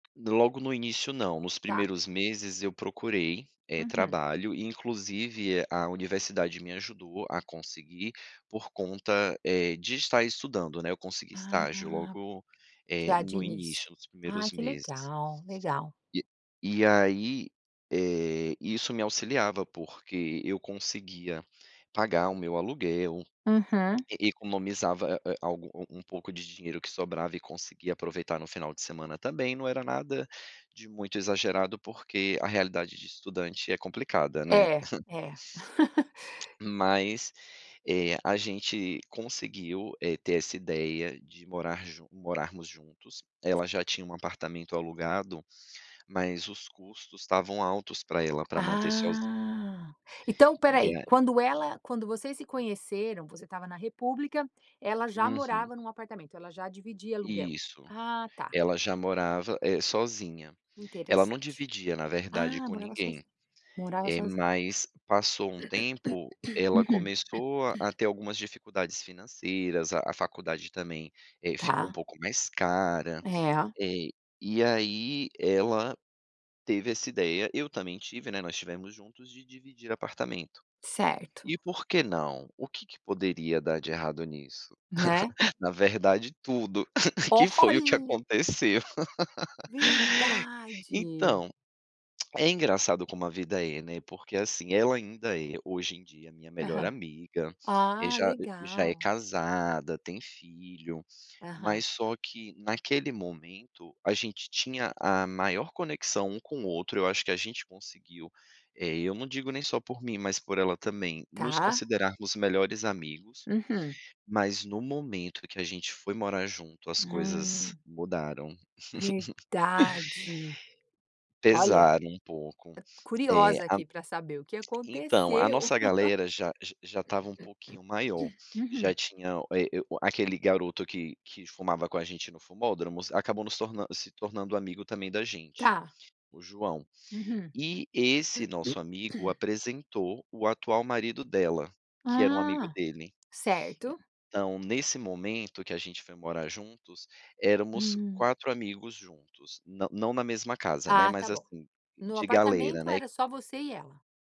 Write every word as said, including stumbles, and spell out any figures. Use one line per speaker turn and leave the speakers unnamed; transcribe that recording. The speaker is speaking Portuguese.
Logo no início não, nos
Tá.
primeiros meses eu procurei, eh,
Uhum.
trabalho e inclusive a universidade me ajudou a conseguir, por conta, eh, de estar estudando, né, eu consegui estágio
Ah,
logo, eh,
já de
no
início,
início dos
ai
primeiros
que
meses.
legal, legal.
E e aí, eh, isso me auxiliava, porque eu conseguia pagar o meu aluguel,
Uhum.
e economizava a a algum um um pouco de dinheiro que sobrava e conseguia aproveitar no final de semana também, não era nada de muito exagerado, porque a realidade de estudante é complicada, né.
É, é.
Mas, eh, a gente conseguiu, eh, ter essa ideia de morar ju morarmos juntos, ela já tinha um apartamento alugado, mas os custos estavam altos para ela para manter sozinha.
Ah, então espera
E
aí,
a
quando ela quando vocês se conheceram, você estava na república, ela já
Uhum.
morava em um apartamento, ela já dividia aluguel?
Isso,
Ah tá.
ela já morava, eh, sozinha, ela não
Interessante.
dividia na verdade
Ah,
com
morava
ninguém,
sozinha, morava
eh,
sozinha.
mas passou um tempo, ela
Uhum.
começou a ter algumas dificuldades financeiras, a a faculdade também, eh, ficou um
Tá.
pouco mais cara,
É.
eh, e aí ela teve essa ideia, eu também tive, né, nós tivemos juntos de dividir apartamento,
Certo.
e por que não? O que que poderia dar de errado nisso?
Né.
Na verdade tudo, que foi o que
Olha.
aconteceu.
Verdade.
Então, é engraçado como a vida é, né, porque assim, ela ainda é, hoje em dia, minha melhor
Aham.
amiga,
Ah,
já já é
legal.
casada, tem filho,
Aham.
mas só que naquele momento, a gente tinha a maior conexão um com o outro, eu acho que a gente conseguiu, eh, eu não digo nem só por mim mas por ela também, nos
Tá.
considerarmos melhores amigos,
Uhum.
mas no momento que a gente foi morar junto as coisas
Hum.
mudaram.
Verdade, olha,
Pesaram um pouco, eh,
curiosa
a
aqui para saber o que
entao, a
aconteceu.
nossa galera já já estava um pouquinho maior, já
Uhum.
tinha, eh, o a aquele garoto que que fumava com a gente no fumódromos acabou nos torna se tornando amigo também da gente,
Tá.
o João.
Uhum.
E esse nosso amigo apresentou o atual marido dela, que era um amigo
Ah,
dele,
certo.
então nesse momento que a gente foi morar juntos, éramos
Hum.
quatro amigos juntos, não não na mesma casa, né,
Ah
mas
tá bom,
assim,
no
de galera,
apartamento
né.
era só você e ela.